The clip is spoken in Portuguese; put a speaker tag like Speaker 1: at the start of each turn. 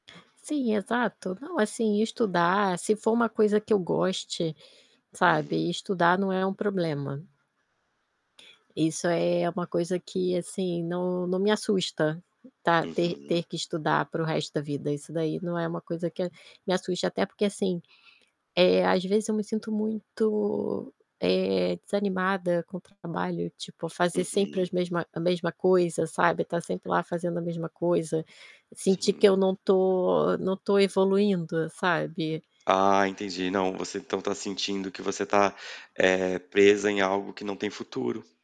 Speaker 1: Sim, exato. Não, assim, estudar se for uma coisa que eu goste,
Speaker 2: Hum.
Speaker 1: sabe, estudar não é um problema. Isso aí, é uma coisa que, assim, não não me assusta, tá ter ter
Speaker 2: Uhum.
Speaker 1: que estudar para o resto da vida, isso daí não é uma coisa que a me assusta, até porque, assim, eh, às vezes eu me sinto muito, eh, desanimada com o trabalho, tipo fazer sempre as
Speaker 2: Uhum.
Speaker 1: mesma mesma coisa, sabe, tá sempre lá fazendo a mesma coisa, sentir que eu
Speaker 2: Sim.
Speaker 1: não tô não tô evoluindo, sabe.
Speaker 2: Ah, entendi, não, você então tá sentindo que você tá, eh, presa em algo que não tem futuro.